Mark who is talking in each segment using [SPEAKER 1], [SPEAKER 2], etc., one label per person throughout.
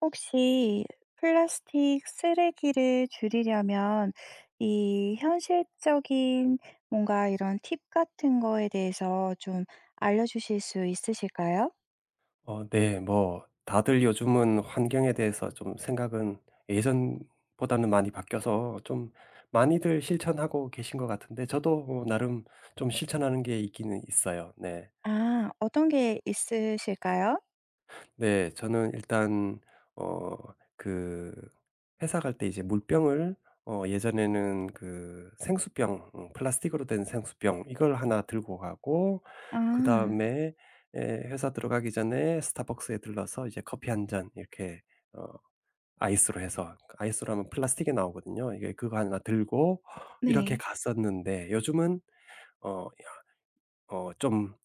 [SPEAKER 1] 혹시 플라스틱 쓰레기를 줄이려면 이 현실적인 뭔가 이런 팁 같은 거에 대해서 좀 알려 주실 수 있으실까요?
[SPEAKER 2] 어 네 뭐 다들 요즘은 환경에 대해서 좀 생각은 예전보다는 많이 바뀌어서 좀 많이들 실천하고 계신 것 같은데 저도 어 나름 좀 실천하는 게 있기는 있어요 네.
[SPEAKER 1] 아 어떤 게 있으실까요?
[SPEAKER 2] 네. 저는 일단 어 그 회사 갈 때 이제 물병을 어 예전에는 그 생수병 응 플라스틱으로 된 생수병 이걸 1 들고 가고 그
[SPEAKER 1] 아.
[SPEAKER 2] 다음에 예 회사 들어가기 전에 스타벅스에 들러서 이제 커피 1 잔 이렇게 어 아이스로 해서 아이스로 하면 플라스틱이 나오거든요 이게. 그거 1 들고 이렇게
[SPEAKER 1] 네.
[SPEAKER 2] 갔었는데 요즘은 어 이런 어 좀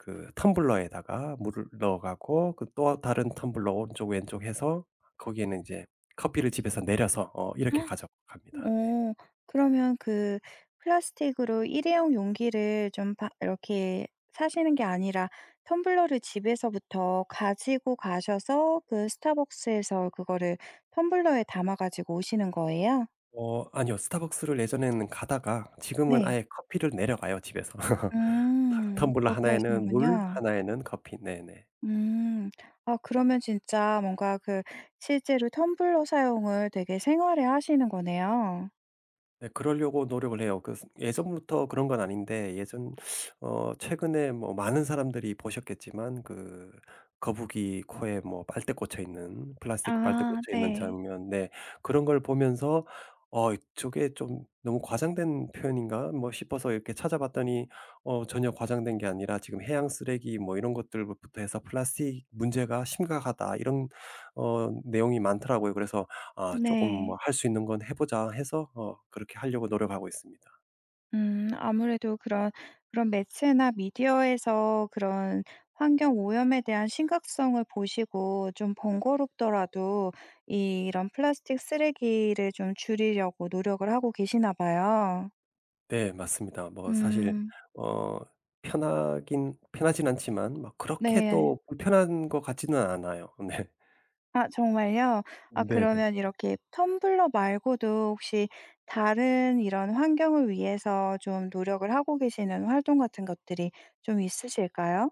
[SPEAKER 2] 그 텀블러에다가 물을 넣어 가고 그 또 어 다른 텀블러 오른쪽 왼쪽 해서 거기에는 인제 커피를 집에서 내려서 어 이렇게 가져갑니다 네.
[SPEAKER 1] 어. 그러면 그 플라스틱으로 일회용 용기를 좀 바 이렇게 사시는 게 아니라 텀블러를 집에서부터 가지고 가셔서 그 스타벅스에서 그거를 텀블러에 담아 가지고 오시는 거예요?
[SPEAKER 2] 어 아니요. 스타벅스를 예전에는 가다가 지금은
[SPEAKER 1] 네.
[SPEAKER 2] 아예 커피를 내려가요 집에서.
[SPEAKER 1] 음
[SPEAKER 2] 텀블러
[SPEAKER 1] 그렇게
[SPEAKER 2] 1 에는 물,
[SPEAKER 1] 하시는군요.
[SPEAKER 2] 1 에는 커피 네네.
[SPEAKER 1] 음. 어 그러면 진짜 뭔가 그 실제로 텀블러 사용을 되게 생활화 하시는 거네요.
[SPEAKER 2] 네 그러려고 노력을 해요. 그 예전부터 그런 건 아닌데 예전 어 최근에 어 많은 사람들이 보셨겠지만 그 거북이 코에 뭐 빨대 꽂혀 있는 플라스틱 빨대
[SPEAKER 1] 아
[SPEAKER 2] 꽂혀 있는
[SPEAKER 1] 네.
[SPEAKER 2] 장면 네 그런 걸 보면서 어 '저게 좀 너무 과장된 표현인가?' 뭐 싶어서 이렇게 찾아봤더니 어 전혀 과장된 게 아니라 지금 해양 쓰레기 뭐 이런 것들부터 해서 "플라스틱 문제가 심각하다." 이런 어 내용이 많더라고요. 그래서 아 조금
[SPEAKER 1] 네.
[SPEAKER 2] 뭐 '할 수 있는 건 해 보자.' 해서 어 그렇게 하려고 노력하고 있습니다.
[SPEAKER 1] 음. 아무래도 그런, 그런 매체나 미디어에서 그런 환경 오염에 대한 심각성을 보시고 좀 번거롭더라도 이 이런 플라스틱 쓰레기를 좀 줄이려고 노력을 하고 계시나 봐요.
[SPEAKER 2] 네 맞습니다. 뭐 사실
[SPEAKER 1] 음.
[SPEAKER 2] 어 편하긴 편하진 않지만 뭐 그렇게
[SPEAKER 1] 네.
[SPEAKER 2] 또 불편한 것 같지는 않아요 네.
[SPEAKER 1] 아 정말요? 아
[SPEAKER 2] 네네.
[SPEAKER 1] 그러면 이렇게 텀블러 말고도 혹시 다른 이런 환경을 위해서 좀 노력을 하고 계시는 활동 같은 것들이 좀 있으실까요?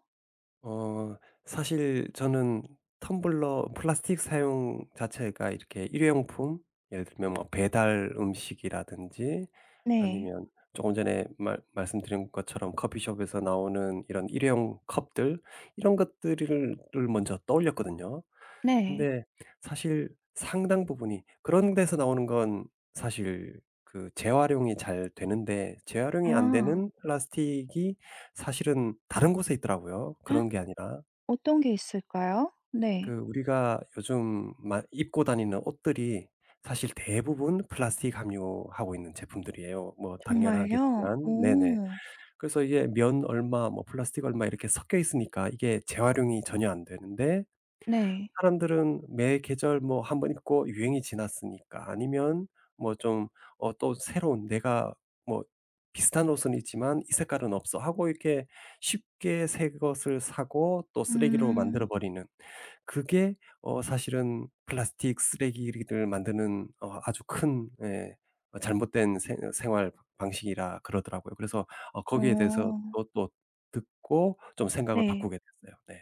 [SPEAKER 2] 어. 사실 저는 텀블러 플라스틱 사용 자체가 이렇게 일회용품 예를 들면 뭐 배달 음식이라든지
[SPEAKER 1] 네.
[SPEAKER 2] 아니면 쪼금 전에 말 말씀드린 것처럼 커피숍에서 나오는 이런 일회용 컵들 이런 것들을 을 먼저 떠올렸거든요.
[SPEAKER 1] 네.
[SPEAKER 2] 근데 사실 상당 부분이 그런 데서 나오는 건 사실 그 재활용이 잘 되는데 재활용이 안
[SPEAKER 1] 아.
[SPEAKER 2] 되는 플라스틱이 사실은 다른 곳에 있더라고요 그런 게 아니라.
[SPEAKER 1] 어떤 게 있을까요? 네.
[SPEAKER 2] 그 우리가 요즘 만 입고 다니는 옷들이 사실 대부분 플라스틱 함유하고 있는 제품들이에요 뭐
[SPEAKER 1] 정말요?
[SPEAKER 2] 당연하겠지만. 네네.
[SPEAKER 1] 오.
[SPEAKER 2] 그래서 이게 면 얼마 뭐 플라스틱 얼마 이렇게 섞여 있으니까 이게 재활용이 전혀 안 되는데
[SPEAKER 1] 네.
[SPEAKER 2] 사람들은 매 계절 뭐 1 번 입고 '유행이 지났으니까.' 아니면 뭐 좀 어 또 새로운 '내가 뭐 비슷한 옷은 있지만 이 색깔은 없어.'하고 이렇게 쉽게 새것을 사고 또 쓰레기로 만들어
[SPEAKER 1] 음.
[SPEAKER 2] 버리는 그게 어 사실은 플라스틱 쓰레기를 만드는 어 아주 큰 예 어 잘못된 생 생활 방식이라 그러더라고요. 그래서 어 거기에 대해서
[SPEAKER 1] 어.
[SPEAKER 2] 또 또 듣고 좀 생각을
[SPEAKER 1] 네.
[SPEAKER 2] 바꾸게 됐어요. 네.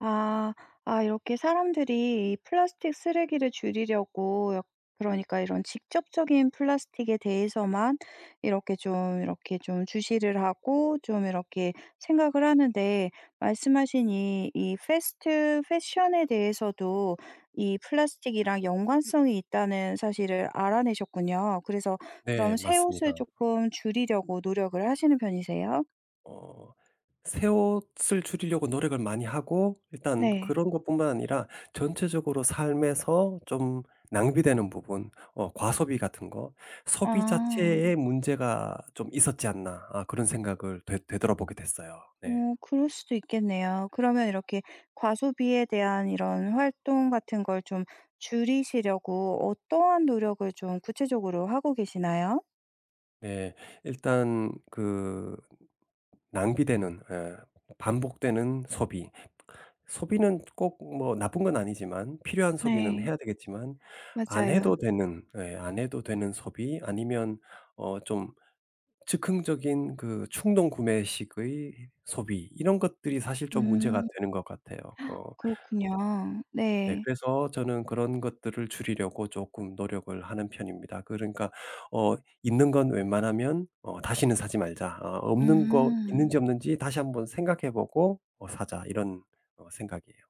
[SPEAKER 1] 아. 아 이렇게 사람들이 이 플라스틱 쓰레기를 줄이려고 여 그러니까 이런 직접적인 플라스틱에 대해서만 이렇게 좀 이렇게 좀 주시를 하고 좀 이렇게 생각을 하는데 말씀하신 이 이 패스트 패션에 대해서도 이 플라스틱이랑 연관성이 있다는 사실을 알아내셨군요. 그래서 그런
[SPEAKER 2] 네
[SPEAKER 1] 새 옷을
[SPEAKER 2] 맞습니다.
[SPEAKER 1] 쪼끔 줄이려고 노력을 하시는 편이세요?
[SPEAKER 2] 어. 새 옷을 줄이려고 노력을 많이 하고 일단
[SPEAKER 1] 네.
[SPEAKER 2] 그런 것뿐만 아니라 전체적으로 삶에서 좀 낭비되는 부분 어 과소비 같은 거 '소비 자체에
[SPEAKER 1] 아.
[SPEAKER 2] 문제가 좀 있었지 않나?' 어 그런 생각을 되 되돌아보게 됐어요 네.
[SPEAKER 1] 어 그럴 수도 있겠네요. 그러면 이렇게 과소비에 대한 이런 활동 같은 걸 좀 줄이시려고 어떠한 노력을 좀 구체적으로 하고 계시나요?
[SPEAKER 2] 네. 일단 그 낭비되는 예 반복되는 소비. 소비는 꼭 뭐 나쁜 건 아니지만 필요한 소비는
[SPEAKER 1] 네.
[SPEAKER 2] 해야 되겠지만 안
[SPEAKER 1] 맞아요.
[SPEAKER 2] 해도 되는 예 안 해도 되는 소비 아니면 어 좀 즉흥적인 그 충동 구매식의 소비 이런 것들이 사실
[SPEAKER 1] 음.
[SPEAKER 2] 좀 문제가 되는 것 같아요. 어.
[SPEAKER 1] 그렇군요.
[SPEAKER 2] 네
[SPEAKER 1] 네.
[SPEAKER 2] 그래서 저는 그런 것들을 줄이려고 쪼금 노력을 하는 편입니다. 그러니까 어 '있는 건 웬만하면 어 다시는 사지 말자. 어 없는 거
[SPEAKER 1] 음.
[SPEAKER 2] 있는지 없는지 다시 한번 생각해 보고 어 사자.' 이런 어 생각이에요.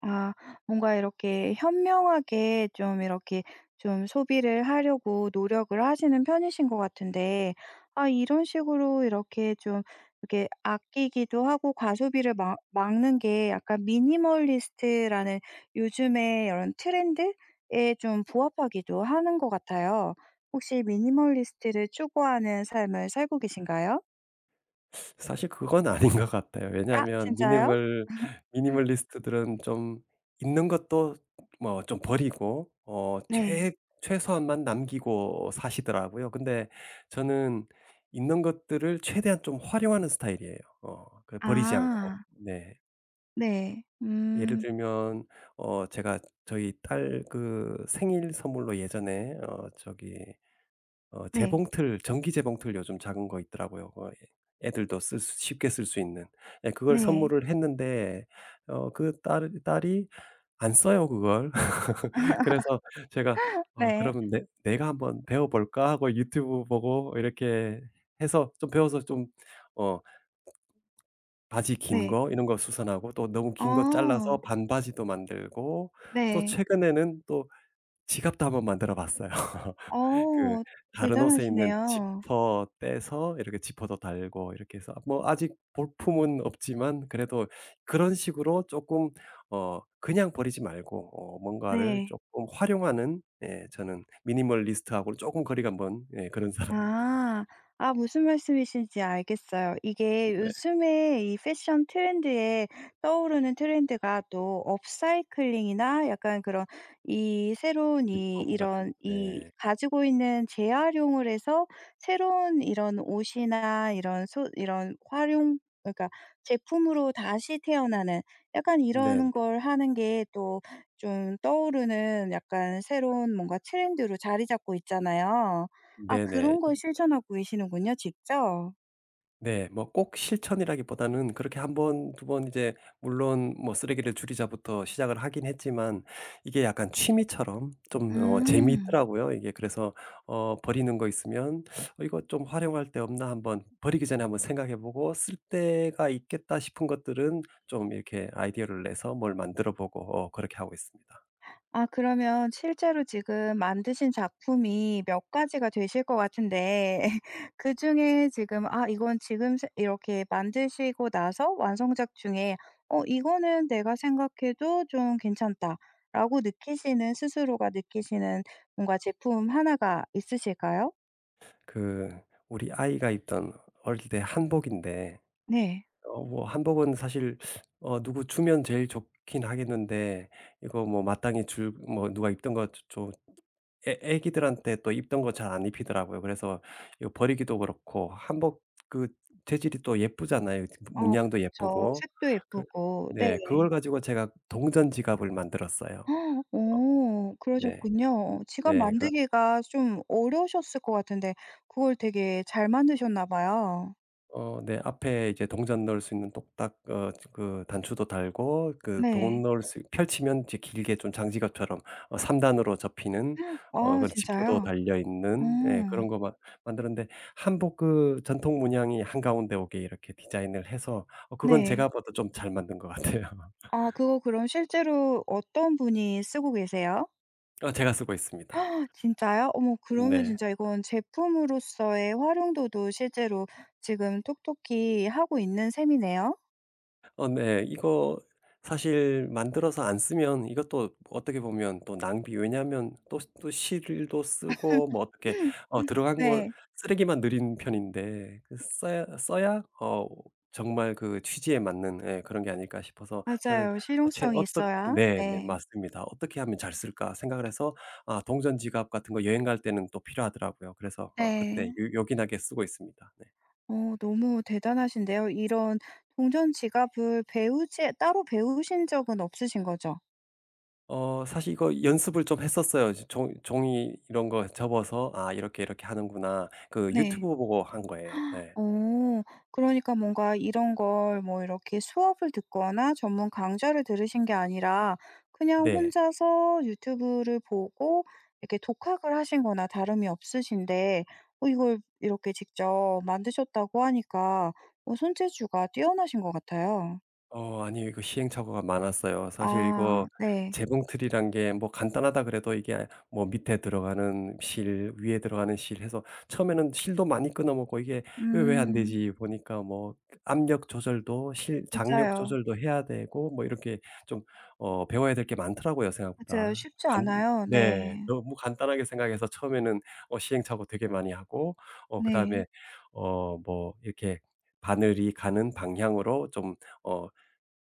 [SPEAKER 1] 아 뭔가 이렇게 현명하게 좀 이렇게 좀 소비를 하려고 노력을 하시는 편이신 것 같은데 아 이런 식으로 이렇게 좀 이렇게 아끼기도 하고 과소비를 막 막는 게 약간 미니멀리스트라는 요즘에 요런 트렌드에 좀 부합하기도 하는 것 같아요. 혹시 미니멀리스트를 추구하는 삶을 살고 계신가요?
[SPEAKER 2] 사실 그건 아닌 것 같아요
[SPEAKER 1] 아
[SPEAKER 2] 왜냐하면
[SPEAKER 1] 진짜요?
[SPEAKER 2] 미니멀 미니멀리스트들은 좀 있는 것도 뭐 좀 버리고 어
[SPEAKER 1] 네.
[SPEAKER 2] 최 최소한만 남기고 사시더라고요. 근데 저는 있는 것들을 최대한 좀 활용하는 스타일이에요. 어 그 버리지 않고
[SPEAKER 1] 아.
[SPEAKER 2] 네.
[SPEAKER 1] 네.
[SPEAKER 2] 예를
[SPEAKER 1] 음.
[SPEAKER 2] 들면 어 제가 저희 딸 그 생일 선물로 예전에 어 저기 어
[SPEAKER 1] 네.
[SPEAKER 2] 재봉틀 전기 재봉틀 요즘 작은 거 있더라고요 그거 애 애들도 쓸 스 쉽게 쓸 수 있는. 네 그걸
[SPEAKER 1] 네.
[SPEAKER 2] 선물을 했는데 어 그 딸 딸이 안 써요 그걸. 그래서 제가 어
[SPEAKER 1] 네.
[SPEAKER 2] 그러면 '내 내가 한번 배워볼까?' 하고 유튜브 보고 이렇게 해서 좀 배워서 좀 어 바지 긴
[SPEAKER 1] 네.
[SPEAKER 2] 거 이런 거 수선하고 또 너무 긴 거
[SPEAKER 1] 아.
[SPEAKER 2] 잘라서 반바지도 만들고 또
[SPEAKER 1] 네.
[SPEAKER 2] 최근에는 또 지갑도 한번 만들어 봤어요. 그
[SPEAKER 1] 어
[SPEAKER 2] 다른 옷에 있는
[SPEAKER 1] 대단하시네요.
[SPEAKER 2] 지퍼 떼서 이렇게 지퍼도 달고 이렇게 해서 뭐 아직 볼품은 없지만 그래도 그런 식으로 쪼끔 어 그냥 버리지 말고 어 뭔가를
[SPEAKER 1] 네.
[SPEAKER 2] 쪼끔 활용하는 네 저는 미니멀리스트하곤 쪼금 거리가 먼 예 그런 사람입니다.
[SPEAKER 1] 아. 아 무슨 말씀이신지 알겠어요. 이게
[SPEAKER 2] 네.
[SPEAKER 1] 요즘에 이 패션 트렌드에 떠오르는 트렌드가 또 업사이클링이나 약간 그런 이 새로운 이
[SPEAKER 2] 리폼같은.
[SPEAKER 1] 이런 이
[SPEAKER 2] 네.
[SPEAKER 1] 가지고 있는 재활용을 해서 새로운 이런 옷이나 이런 소 이런 활용 그러니까 제품으로 다시 태어나는 약간 이런
[SPEAKER 2] 네네.
[SPEAKER 1] 걸 하는 게 또 좀 떠오르는 약간 새로운 뭔가 트렌드로 자리 잡고 있잖아요. 아
[SPEAKER 2] 네네.
[SPEAKER 1] 그런 걸
[SPEAKER 2] 이
[SPEAKER 1] 실천하고 계시는군요 직접.
[SPEAKER 2] 네. 뭐 꼭 실천이라기보다는 그렇게 1 번, 2 번 인제 물론 뭐 쓰레기를 줄이자부터 시작을 하긴 했지만 이게 약간 취미처럼 좀 어
[SPEAKER 1] 음.
[SPEAKER 2] 재밌더라고요. 이게 그래서 어 버리는 거 있으면 '어 이거 좀 활용할 데 없나?' 한번 버리기 전에 한번 생각해 보고 '쓸 데가 있겠다.' 싶은 것들은 좀 이렇게 아이디어를 내서 뭘 만들어 보고 어 그렇게 하고 있습니다.
[SPEAKER 1] 아 그러면 실제로 지금 만드신 작품이 몇 가지가 되실 것 같은데 예. 그중에 지금 아 이건 지금 최 이렇게 만드시고 나서 완성작 중에 어 '이거는 내가 생각해도 좀 괜찮다.'라고 느끼시는 스스로가 느끼시는 뭔가 제품 1 가 있으실까요?
[SPEAKER 2] 그 우리 아이가 입던 어릴 때 한복인데
[SPEAKER 1] 네.
[SPEAKER 2] 어 뭐 한복은 사실 어 누구 주면 제일 좋긴 하겠는데 이거 뭐 마땅히 줄 뭐 누가 입던 것 주 좀 애 애기들한테 또 입던 것 잘 안 입히더라고요. 그래서 이거 버리기도 그렇고 한복 그 재질이 또 예쁘잖아요? 이 뜨 그
[SPEAKER 1] 어
[SPEAKER 2] 문양도
[SPEAKER 1] 그쵸.
[SPEAKER 2] 예쁘고.
[SPEAKER 1] 색도
[SPEAKER 2] 그
[SPEAKER 1] 예쁘고. 네.
[SPEAKER 2] 네 그걸 가지고 제가 동전 지갑을 만들었어요. 어.
[SPEAKER 1] 어.
[SPEAKER 2] 네.
[SPEAKER 1] 그러셨군요. 어 지갑
[SPEAKER 2] 네 그러
[SPEAKER 1] 만들기가 좀 어려우셨을 것 같은데 그걸 되게 잘 만드셨나 봐요.
[SPEAKER 2] 어 네 앞에 이렇게 동전 넣을 수 있는 똑딱 어 그 단추도 달고 그 돈
[SPEAKER 1] 네.
[SPEAKER 2] 넣을 수 있 펼치면 이제 길게 좀 장지갑처럼 어 3 단으로 접히는 어
[SPEAKER 1] 아
[SPEAKER 2] 그런 지퍼도
[SPEAKER 1] 진짜요?
[SPEAKER 2] 달려
[SPEAKER 1] 어.
[SPEAKER 2] 있는 예 그런 것 막 만들었는데 한복 그 전통 문양이 한가운데 오게 이렇게 디자인을 해서 어 그건
[SPEAKER 1] 네.
[SPEAKER 2] 제가 봐도 좀 잘 만든 것 같아요.
[SPEAKER 1] 아 그거 그럼 실제로 어떤 분이 쓰고 계세요?
[SPEAKER 2] 어 제가 쓰고 있습니다.
[SPEAKER 1] 진짜요? 어머 그러면
[SPEAKER 2] 네.
[SPEAKER 1] 진짜 이건 제품으로써의 활용도도 실제로 지금 톡톡히 하고 있는 셈이네요?
[SPEAKER 2] 어 네. 이거 사실 만들어서 안 쓰면 이것도 어떻게 보면 또 낭비 왜냐하면 또 시 또 실도 쓰고 뭐 어떻게 어 들어간 걸
[SPEAKER 1] 네.
[SPEAKER 2] 쓰레기만 늘인 편인데 그 써야 어 써야 어 정말 그 취지에 맞는 예 그런 게 아닐까 싶어서 저는
[SPEAKER 1] 맞아요.
[SPEAKER 2] 어 최근
[SPEAKER 1] 실용성이
[SPEAKER 2] 어떻
[SPEAKER 1] 있어야
[SPEAKER 2] 네 네
[SPEAKER 1] 네.
[SPEAKER 2] 맞습니다. '어떻게 하면 잘 쓸까?' 생각을 해서 아 동전 지갑 같은 거 여행 갈 때는 또 필요하더라고요. 그래서 어 그때
[SPEAKER 1] 예.
[SPEAKER 2] 요 요긴하게 쓰고 있습니다. 네.
[SPEAKER 1] 어 너무 대단하신데요. 이런 동전지갑을 배우지 따로 배우신 적은 없으신 거죠?
[SPEAKER 2] 어 사실 이거 연습을 좀 했었어요. 이제 종 종이 이런 거 접어서 '아 이렇게 이렇게 하는구나.' 그
[SPEAKER 1] 네.
[SPEAKER 2] 유튜브 보고 한 거예요. 예.
[SPEAKER 1] 어 그러니까 뭔가 이런 걸 뭐 이렇게 수업을 듣거나 전문 강좌를 들으신 게 아니라 그냥
[SPEAKER 2] 네.
[SPEAKER 1] 혼자서 유튜브를 보고 이렇게 독학을 하신 거나 다름이 없으신데 어 이걸 이렇게 직접 만드셨다고 하니까 어 손재주가 뛰어나신 것 같아요.
[SPEAKER 2] 어 아니에요. 그 시행착오가 많았어요. 사실 이거
[SPEAKER 1] 아 네.
[SPEAKER 2] 재봉틀이란 게 뭐 간단하다 그래도 이게 뭐 밑에 들어가는 실, 위에 들어가는 실 해서 처음에는 실도 많이 끊어 먹고 '이게 왜 왜 안
[SPEAKER 1] 음.
[SPEAKER 2] 되지?' 보니까 뭐 압력 조절도 실 장력
[SPEAKER 1] 맞아요.
[SPEAKER 2] 조절도 해야 되고 뭐 이렇게 좀 어 배워야 될 게 많더라고요,
[SPEAKER 1] 맞아요.
[SPEAKER 2] 생각보다.
[SPEAKER 1] 쉽지
[SPEAKER 2] 간
[SPEAKER 1] 않아요.
[SPEAKER 2] 네
[SPEAKER 1] 네.
[SPEAKER 2] 너무 간단하게 생각해서 처음에는 어 시행착오 되게 많이 하고 어 그다음에
[SPEAKER 1] 네.
[SPEAKER 2] 어 뭐 이렇게 바늘이 가는 방향으로 좀 어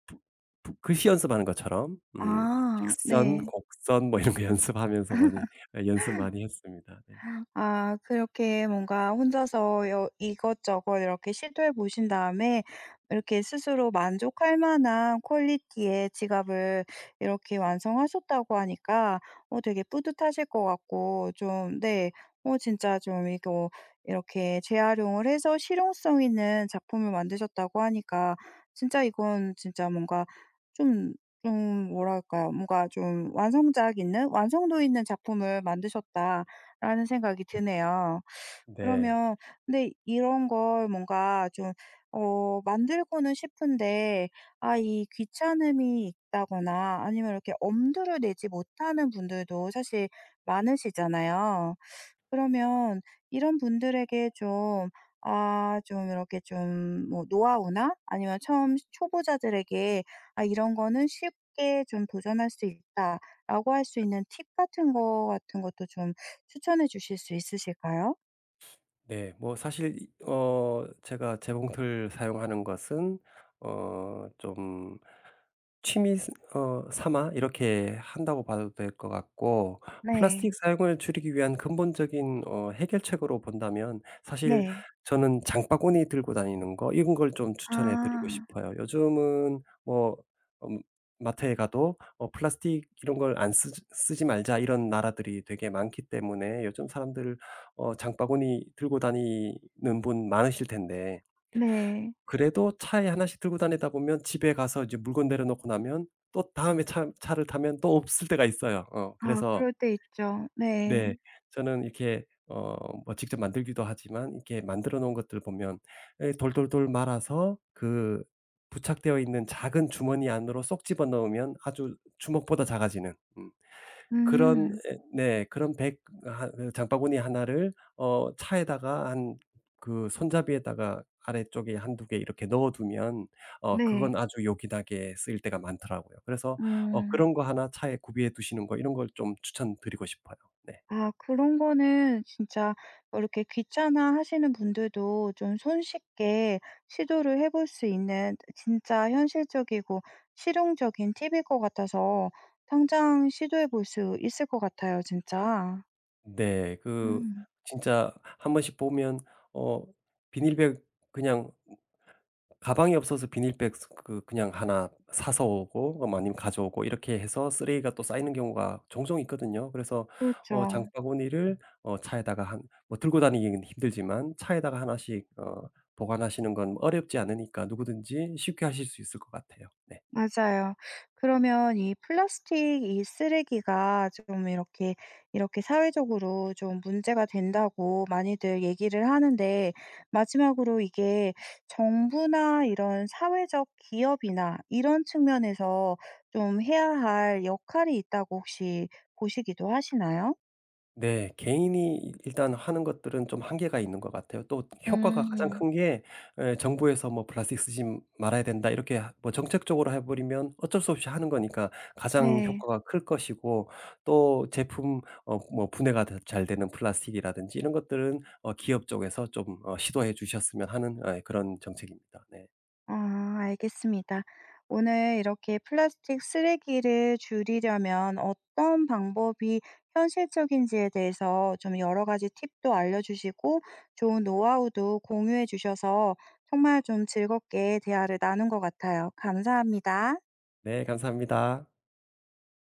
[SPEAKER 2] 붓 붓 글씨 연습하는 것처럼 음
[SPEAKER 1] 아
[SPEAKER 2] 직선,
[SPEAKER 1] 네.
[SPEAKER 2] 곡선 뭐 이런 거 연습하면서 많이 연습 많이 했습니다. 네.
[SPEAKER 1] 아 그렇게 뭔가 혼자서 여 이것저것 이렇게 시도해 보신 다음에 이렇게 스스로 만족할 만한 퀄리티의 지갑을 이렇게 완성하셨다고 하니까 어 되게 뿌듯하실 것 같고 좀 네 어 진짜 좀 이거 이렇게 재활용을 해서 실용성 있는 작품을 만드셨다고 하니까 진짜 이건 진짜 뭔가 좀 좀 뭐랄까요. 뭔가 좀 완성작 있는 '완성도 있는 작품을 만드셨다.'라는 생각이 드네요.
[SPEAKER 2] 네.
[SPEAKER 1] 그러면 근데 이런 걸 뭔가 좀 어 만들고는 싶은데 아 이 귀찮음이 있다거나 아니면 이렇게 엄두를 내지 못하는 분들도 사실 많으시잖아요. 그러면 이런 분들에게 좀 아 좀 이렇게 좀 뭐 노하우나 아니면 처음 시 초보자들에게 '아 이런 거는 쉽게 좀 도전할 수 있다.'라고 할 수 있는 팁 같은 거 같은 것도 좀 추천해 주실 수 있으실까요?
[SPEAKER 2] 네. 뭐 사실 이 어 제가 재봉틀 사용하는 것은 어 좀 취미 스 어 삼아 이렇게 한다고 봐도 될 것 같고. 플라스틱
[SPEAKER 1] 네.
[SPEAKER 2] 사용을 줄이기 위한 근본적인 어 해결책으로 본다면 사실
[SPEAKER 1] 네.
[SPEAKER 2] 저는 장바구니 들고 다니는 거 이런 걸 좀 추천해 드리고
[SPEAKER 1] 아.
[SPEAKER 2] 싶어요. 요즘은 뭐 음 마트에 가도 어 플라스틱 이런 걸 안 쓰지 "쓰지 말자." 이런 나라들이 되게 많기 때문에 요즘 사람들 어 장바구니 들고 다니는 분 많으실 텐데
[SPEAKER 1] 네.
[SPEAKER 2] 그래도 차에 1 씩 들고 다니다 보면 집에 가서 이제 물건 내려 놓고 나면 또 다음에 차 차를 타면 또 없을 때가 있어요. 어
[SPEAKER 1] 아
[SPEAKER 2] 그래서
[SPEAKER 1] 그럴 때 있죠.
[SPEAKER 2] 네.
[SPEAKER 1] 네.
[SPEAKER 2] 저는 이렇게 어 뭐 직접 만들기도 하지만 이렇게 만들어 놓은 것들 보면 예 돌돌돌 말아서 그 부착되어 있는 작은 주머니 안으로 쏙 집어 넣으면 아주 주먹보다 작아지는 음 그런
[SPEAKER 1] 음.
[SPEAKER 2] 예 네 그런 bag 한 이 장바구니 1 를 어 차에다가 한 그 손잡이에다가 아래쪽에 1-2 개 이렇게 넣어 두면 어 그건
[SPEAKER 1] 네.
[SPEAKER 2] 아주 요긴하게 쓰일 때가 많더라고요. 그래서 어
[SPEAKER 1] 음.
[SPEAKER 2] 그런 거 1 차에 구비해 두시는 거 이런 걸 좀 추천드리고 싶어요. 네.
[SPEAKER 1] 아. 그런 거는 진짜 어 이렇게 귀찮아하시는 분들도 좀 손쉽게 시도를 해 볼 수 있는 트 진짜 현실적이고 실용적인 팁일 것 같아서 당장 시도해 볼 수 있을 것 같아요 진짜.
[SPEAKER 2] 네. 그
[SPEAKER 1] 음.
[SPEAKER 2] 진짜 한번씩 보면 어 비닐백 그냥 으 가방이 없어서 비닐백 스 그 그냥 1 사서 오고 아 아니면 가져오고 이렇게 해서 쓰레기가 또 쌓이는 경우가 종종 있거든요. 그래서 어
[SPEAKER 1] 그렇죠.
[SPEAKER 2] 장바구니를 어 차에다가 한 뭐 들고 다니기는 힘들지만 차에다가 1 씩 어 보관하시는 건 어렵지 않으니까 누구든지 쉽게 하실 수 있을 것 같아요. 네.
[SPEAKER 1] 맞아요. 그러면 이 "플라스틱 이 쓰레기가 쪼금 이렇게, 이렇게 사회적으로 좀 문제가 된다."고 많이들 얘기를 하는데 마지막으로 이게 정부나 이런 사회적 기업이나 이런 측면에서 좀 해야 할 역할이 있다고 혹시 보시기도 하시나요?
[SPEAKER 2] 네. 개인이 일단 하는 것들은 좀 한계가 있는 것 같아요. 또 효과가 가장
[SPEAKER 1] 음.
[SPEAKER 2] 큰 게 예 정부에서 뭐 "플라스틱 쓰지 말아야 된다." 이렇게 뭐 정책적으로 해 버리면 어쩔 수 없이 하는 거니까 가장
[SPEAKER 1] 네.
[SPEAKER 2] 효과가 클 것이고 또 제품 어 뭐 분해가 다 잘되는 플라스틱이라든지 이런 것들은 어 기업 쪽에서 좀 어 시도해 주셨으면 하는 예 그런 정책입니다. 네.
[SPEAKER 1] 아. 알겠습니다. 오늘 이렇게 플라스틱 쓰레기를 줄이려면 어떤 방법이 현실적인지에 대해서 좀 여러 가지 팁도 알려 주시고 좋은 노하우도 공유해 주셔서 정말 좀 즐겁게 대화를 나눈 것 같아요. 감사합니다.
[SPEAKER 2] 네 감사합니다.